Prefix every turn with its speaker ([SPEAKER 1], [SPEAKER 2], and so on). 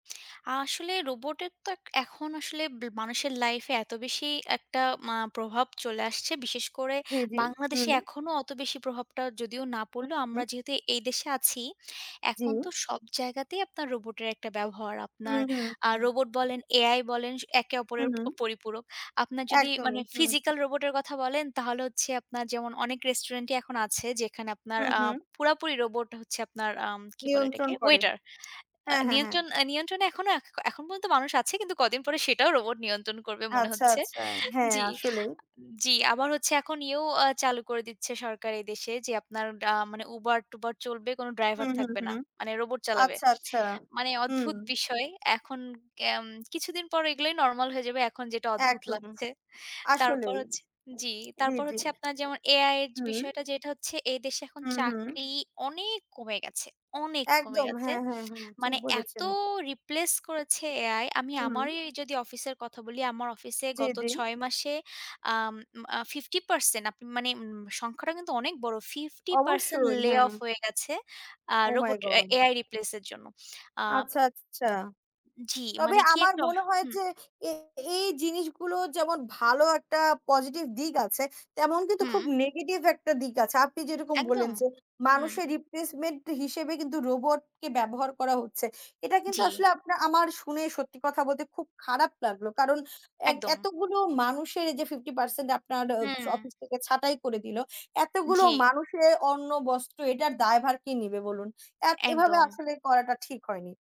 [SPEAKER 1] আসলে রোবটের তো এক এখন আসলে ব মানুষের লাইফে এত বেশি একটা মা প্রভাব চলে আসছে, বিশেষ করে
[SPEAKER 2] জি, জি।
[SPEAKER 1] বাংলাদেশে
[SPEAKER 2] হুম।
[SPEAKER 1] এখনো অত বেশি প্রভাবটা যদিও না
[SPEAKER 2] উ
[SPEAKER 1] পড়লেও। আমরা
[SPEAKER 2] হুম।
[SPEAKER 1] যেহেতু এই দেশে আছি,
[SPEAKER 2] জি।
[SPEAKER 1] এখন তো সব জায়গাতেই আপনার রোবটের একটা ব্যবহার।
[SPEAKER 2] উ
[SPEAKER 1] আপনার
[SPEAKER 2] হু,
[SPEAKER 1] আ
[SPEAKER 2] হুম।
[SPEAKER 1] রোবট বলেন, AI বলেন স একে অপরের
[SPEAKER 2] হুম।
[SPEAKER 1] অ পরিপূরক। আপনার যদি মানে
[SPEAKER 2] একদমই, হুম।
[SPEAKER 1] ফিজিক্যাল রোবটের কথা বলেন, তাহলে হচ্ছে যেমন অনেক রেস্টুরেন্টেই এখন আছে যেখানে আপনার
[SPEAKER 2] উ
[SPEAKER 1] আ
[SPEAKER 2] হু।
[SPEAKER 1] পুরাপুরি রোবট হচ্ছে আপনার আম কী বলে এটাকে?
[SPEAKER 2] নিয়ন্ত্রণ করে।
[SPEAKER 1] ওয়েটার। আ
[SPEAKER 2] হ্যাঁ, হ্যাঁ, হ্যাঁ।
[SPEAKER 1] নিয়ন্ত্রণ আ নিয়ন্ত্রণে এখনো এখ এখন পর্যন্ত মানুষ আছে, কিন্তু কদিন পরে সেটাও রোবট নিয়ন্ত্রণ করবে মনে
[SPEAKER 2] আচ্ছা,
[SPEAKER 1] হচ্ছে
[SPEAKER 2] আচ্ছা। হ্যাঁ,
[SPEAKER 1] জি,
[SPEAKER 2] আসলেই।
[SPEAKER 1] আ জি, আবার এখন ইও চালু করে দিচ্ছে সরকার এ দেশে যে, আপনার আ মানে Uber-ট্যুবর চলবে, কোনো ড্রাইভার
[SPEAKER 2] হুম, হুম,
[SPEAKER 1] থাকবে না,
[SPEAKER 2] হুম।
[SPEAKER 1] মানে রোবট চালাবে।
[SPEAKER 2] আচ্ছা, আচ্ছা।
[SPEAKER 1] মানে
[SPEAKER 2] হুম।
[SPEAKER 1] অদ্ভুত বিষয়, এখন কেম কিছুদিন পর এগুলাই নরমাল হয়ে যাবে, এখন যেটা অদ্ভুত
[SPEAKER 2] একদম।
[SPEAKER 1] লাগছে। তারপর
[SPEAKER 2] আসলেই।
[SPEAKER 1] হচ্ছে জি,
[SPEAKER 2] জি,
[SPEAKER 1] তারপর
[SPEAKER 2] জি।
[SPEAKER 1] যেমন AI-এর
[SPEAKER 2] হুম।
[SPEAKER 1] বিষয়টা, যেটা হচ্ছে এ দেশে এখন
[SPEAKER 2] উ হু।
[SPEAKER 1] চাকরি অনেক কমে গেছে, অনেক কমে
[SPEAKER 2] একদম।
[SPEAKER 1] গেছে।
[SPEAKER 2] হ্যাঁ, হ্যাঁ, হ্যাঁ। ঠিক
[SPEAKER 1] মানে এত
[SPEAKER 2] বলেছেন।
[SPEAKER 1] রিপ্লেস করেছে AI, আমি
[SPEAKER 2] হুম।
[SPEAKER 1] আমারই যদি অফিসের কথা বলি, আমার অফিসে
[SPEAKER 2] জি,
[SPEAKER 1] গত
[SPEAKER 2] জি।
[SPEAKER 1] ৬ মাসে আম আ 50% আপনি মানে উম সংখ্যাটা কিন্তু অনেক বড়। 50%
[SPEAKER 2] অবশ্যই। হ্যাঁ।
[SPEAKER 1] layoff হয়ে গেছে আ
[SPEAKER 2] ওহ মাই
[SPEAKER 1] রোবট এ
[SPEAKER 2] গড!
[SPEAKER 1] AI replace-এর জন্য। আ
[SPEAKER 2] আচ্ছা, আচ্ছা।
[SPEAKER 1] জি
[SPEAKER 2] তবে
[SPEAKER 1] মানে কি
[SPEAKER 2] আমার
[SPEAKER 1] একটা অহ
[SPEAKER 2] মনে হয়
[SPEAKER 1] হুম।
[SPEAKER 2] যে এ এই জিনিসগুলো যেমন ভালো একটা পজিটিভ দিক আছে, তেমন কিন্তু খুব
[SPEAKER 1] হুম।
[SPEAKER 2] নেগেটিভ একটা দিক আছে। আপনি যেরকম বললেন
[SPEAKER 1] একদম।
[SPEAKER 2] যে
[SPEAKER 1] হুম।
[SPEAKER 2] মানুষের রিপ্লেসমেন্ট হিসাবে কিন্তু রোবটকে ব্যবহার করা হচ্ছে। এটা কিন্তু
[SPEAKER 1] জি।
[SPEAKER 2] আসলে আপনা আমার শুনে, সত্যি কথা বলতে, খুব খারাপ লাগলো। কারণ এক
[SPEAKER 1] একদম।
[SPEAKER 2] এতগুলো মানুষের, এইযে 50% আপনার অ
[SPEAKER 1] হুম।
[SPEAKER 2] অফিস থেকে ছাঁটাই করে দিল, এতগুলো
[SPEAKER 1] জি।
[SPEAKER 2] মানুষের অন্ন-বস্ত্র, এটার দায়ভার কে নেবে বলুন? অ্যা
[SPEAKER 1] এ
[SPEAKER 2] এভাবে
[SPEAKER 1] একদম।
[SPEAKER 2] আসলে করাটা ঠিক হয়নি।